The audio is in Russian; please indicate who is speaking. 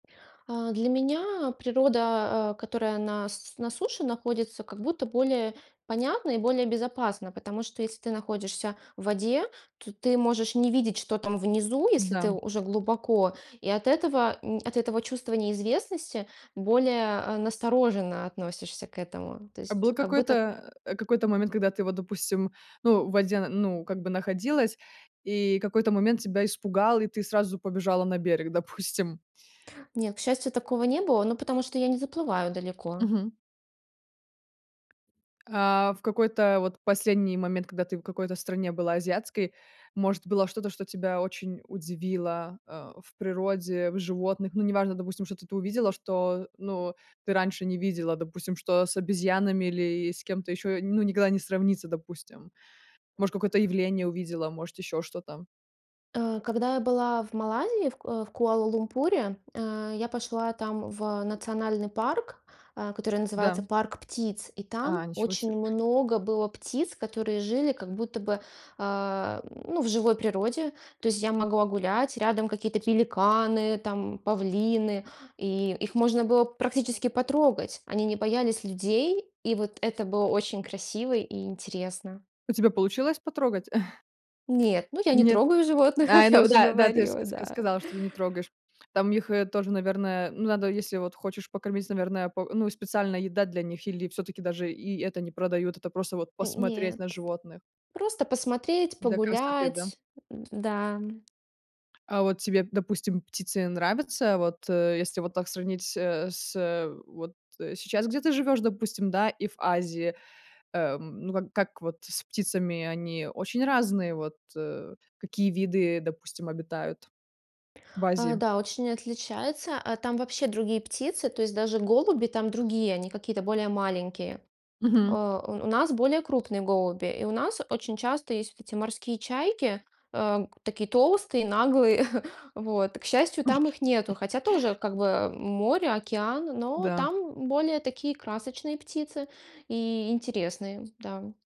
Speaker 1: А, для меня природа, а, которая на с на суше находится, как будто более понятна и более безопасна, потому что если ты находишься в воде, то ты можешь не видеть, что там внизу, если ты
Speaker 2: Да.
Speaker 1: уже глубоко, и от этого, м, от этого чувства неизвестности более, а, настороженно относишься к этому. То
Speaker 2: А
Speaker 1: есть
Speaker 2: был
Speaker 1: как будто
Speaker 2: какой-то э, какой-то момент, когда ты вот, допустим, ну, в воде, н ну, как бы находилась, и какой-то момент тебя испугал, и ты сразу побежала на берег, допустим?
Speaker 1: Нет, к счастью, такого не было, ну, потому что я не заплываю далеко.
Speaker 2: Мгм. А, в какой-то вот последний момент, когда ты в какой-то стране была азиатской, может, было что-то, что тебя очень удивило, а, в природе, в животных? Ну, неважно, допустим, что-то ты увидела, что, э, ну, ты раньше не видела, допустим, что с обезьянами или и с кем-то ещё, ну, никогда не сравнится, допустим, может, какое-то явление увидела, может, ещё что-то?
Speaker 1: А, когда я была в Малайзии, в К э, в Куала-Лумпуре, а, я пошла там в национальный парк, а, который называется
Speaker 2: Да.
Speaker 1: "Парк птиц", и
Speaker 2: А,
Speaker 1: там
Speaker 2: ничего се.
Speaker 1: очень много было птиц, которые жили как будто бы, а ну, в живой природе. То есть я могла гулять, рядом какие-то пеликаны там, павлины, и их можно было практически потрогать. Они не боялись людей, и вот это было очень красиво и интересно.
Speaker 2: У тебя получилось потрогать?
Speaker 1: Нет, ну, я не
Speaker 2: Нет.
Speaker 1: трогаю животных,
Speaker 2: Ай,
Speaker 1: как я
Speaker 2: ну
Speaker 1: уже
Speaker 2: да да, ты ж ск
Speaker 1: говорила.
Speaker 2: ск
Speaker 1: Да.
Speaker 2: сказала, что ты не трогаешь. Там их, э, тоже, наверное, ну, надо, если вот хочешь покормить, наверное, по ну, и специальная еда для них или всё-таки даже и это не продают, это просто вот
Speaker 1: М-м,
Speaker 2: посмотреть
Speaker 1: нет,
Speaker 2: на животных.
Speaker 1: просто посмотреть,
Speaker 2: Для красоты. Да?
Speaker 1: погулять. М-да, м.
Speaker 2: А вот тебе, допустим, птицы нравятся? Вот, э, если вот так сравнить, э, с, вот, э, сейчас, где ты живёшь, допустим, да, и в Азии, эм, ну, как как вот с птицами? Они очень разные. Вот, э, какие виды, допустим, обитают в
Speaker 1: А,
Speaker 2: Азии?
Speaker 1: да, очень отличается. А там вообще другие птицы, то есть даже голуби там другие, они какие-то более маленькие.
Speaker 2: Мгм.
Speaker 1: Э, у у нас более крупные голуби, и у нас очень часто есть вот эти морские чайки, а, г такие толстые и наглые, вот. К счастью, там их нету, хотя тоже как бы море, океан, но
Speaker 2: Да.
Speaker 1: там более такие красочные птицы и интересные. Да.